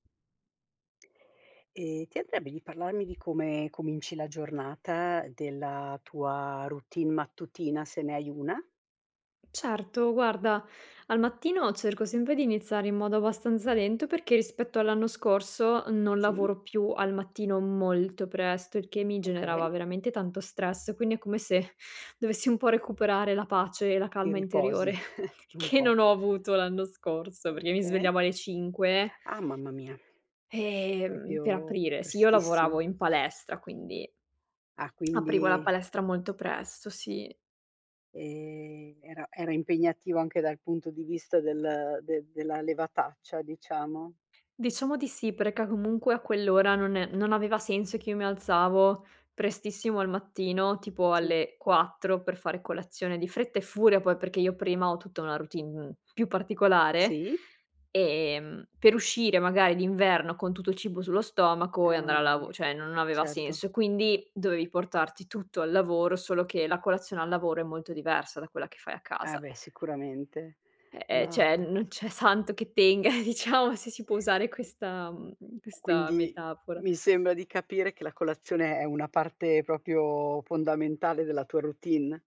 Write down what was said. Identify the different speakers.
Speaker 1: Ehm, ti andrebbe di parlarmi di come cominci la giornata, della tua routine mattutina, se ne hai una?
Speaker 2: Certo, guarda, al mattino, cerco sempre di iniziare in modo abbastanza lento, perché rispetto all'anno scorso non
Speaker 1: Sì.
Speaker 2: lavoro più al mattino molto presto, il che mi
Speaker 1: Okay.
Speaker 2: generava veramente tanto stress. Quindi, è come se dovessi un po' recuperare la pace e la
Speaker 1: Ti
Speaker 2: calma interiore,
Speaker 1: riposi, un
Speaker 2: che non
Speaker 1: po'.
Speaker 2: ho avuto l'anno scorso, perché mi
Speaker 1: Okay.
Speaker 2: svegliavo alle 5
Speaker 1: Ah, mamma mia.
Speaker 2: ehm, per
Speaker 1: Proprio
Speaker 2: aprire. Sì, io lavoravo
Speaker 1: prestissimo.
Speaker 2: in palestra, quindi
Speaker 1: Ah,
Speaker 2: aprivo la
Speaker 1: quindi
Speaker 2: palestra molto presto, sì.
Speaker 1: Ehm, era era impegnativa, anche dal punto di vista del de della levataccia, diciamo?
Speaker 2: Diciamo di sì, perché, comunque, a quell'ora non e non aveva senso, che io mi alzavo prestissimo al mattino, tipo
Speaker 1: Sì.
Speaker 2: alle 4, per fare colazione, di fretta e furia poi perché io prima ho tutta una routine più particolare;
Speaker 1: Sì.
Speaker 2: ehm, per uscire magari d'inverno con tutto il cibo sullo
Speaker 1: Eh,
Speaker 2: stomaco e andare a
Speaker 1: mamma
Speaker 2: lavo
Speaker 1: mia.
Speaker 2: cioè non aveva
Speaker 1: Certo.
Speaker 2: senso. Quindi dovevi portarti tutto al lavoro, solo che la colazione al lavoro è molto diversa da quella che fai a
Speaker 1: Ah,
Speaker 2: casa.
Speaker 1: beh, sicuramente.
Speaker 2: E ehm, cioè,
Speaker 1: Ma
Speaker 2: non c'è santo che tenga, diciamo, se si può usare questa mhmm, mhmm, questa
Speaker 1: Quindi,
Speaker 2: metafora.
Speaker 1: mi sembra di capire che la colazione è una parte, proprio fondamentale della tua routine.